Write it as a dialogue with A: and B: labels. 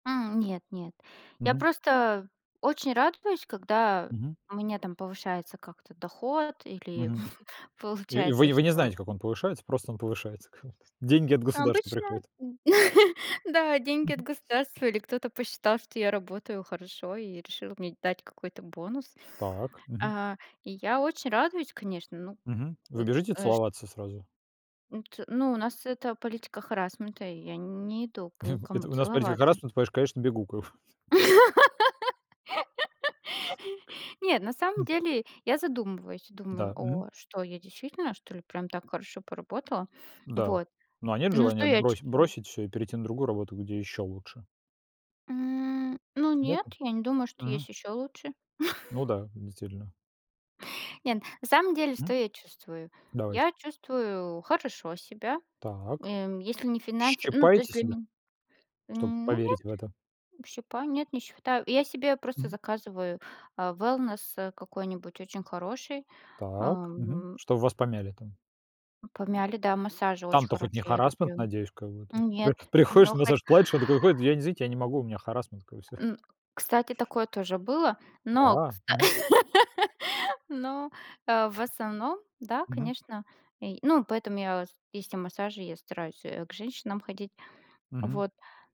A: М, нет-нет. Я
B: Мгм.
A: просто очень радуюсь, когда
B: Мгм.
A: у меня там повышается как-то доход или
B: Мгм. И и вы
A: получается,
B: и вы не
A: что
B: знаете, как он повышается, просто он повышается. [unintelligible] Деньги от государства
A: Обычно
B: приходят.
A: да, деньги от
B: Мгм.
A: государства или кто-то посчитал, что я работаю хорошо и решил мне дать какой-то бонус.
B: Так. Мгм.
A: А, и я очень радуюсь, конечно, ну,
B: Мгм, вы
A: ми
B: бежите
A: э шт
B: целоваться сразу?
A: М, т ну, у нас это политика харассмента, и я нь не иду пу ни к кому
B: Это у нас политика
A: целоваться.
B: харассмента, понимаешь, конечно, бегу, ков К
A: Нет, на самом
B: м
A: деле я задумываюсь и думаю:
B: Да, мгм.
A: "О, что я действительно, что ли, прям так хорошо поработала?"
B: Да.
A: Вот.
B: Ну, а нет
A: Ну,
B: желания
A: что я
B: брось
A: чувствую?
B: бросить всё и перейти на другую работу, где ещё лучше?
A: М, ну нет,
B: Нету?
A: я не думаю, что
B: Мгм.
A: есть ещё лучше.
B: Ну да, действительно.
A: Нет, на самом деле,
B: М.
A: что я чувствую?
B: Давайте.
A: Я чувствую хорошо себя.
B: Так.
A: Эм, если не финансы ну, то есть
B: Щипаете
A: для
B: себя?
A: мен
B: Чтоб
A: М, ну нет,
B: поверить в это?
A: м, п щипаю нет, не считаю. И я себе просто
B: Мгм.
A: заказываю, а, wellness, э, какой-нибудь очень хороший,
B: Так. Мгм.
A: ам, м
B: Чтоб вас помяли там.
A: М, помяли, да, массажи очень
B: Там-то хоть не
A: хорошие, я
B: харассмент,
A: люблю.
B: надеюсь, как бы, то
A: М,
B: есть вы
A: нет. М,
B: приходишь,
A: о, хотя
B: массаж платишь, он такой уходит: "Я, не, извините, я не могу, у меня харассмент". Такой, и всё.
A: М, кстати, такое тоже было,
B: У,
A: но,
B: а.
A: кста
B: Мгм.
A: но, а, в основном, да,
B: Мгм.
A: конечно. Ий ну, поэтому я, ос есть и массажи, я стараюсь, э, к женщинам ходить.
B: Мгм.
A: Вот.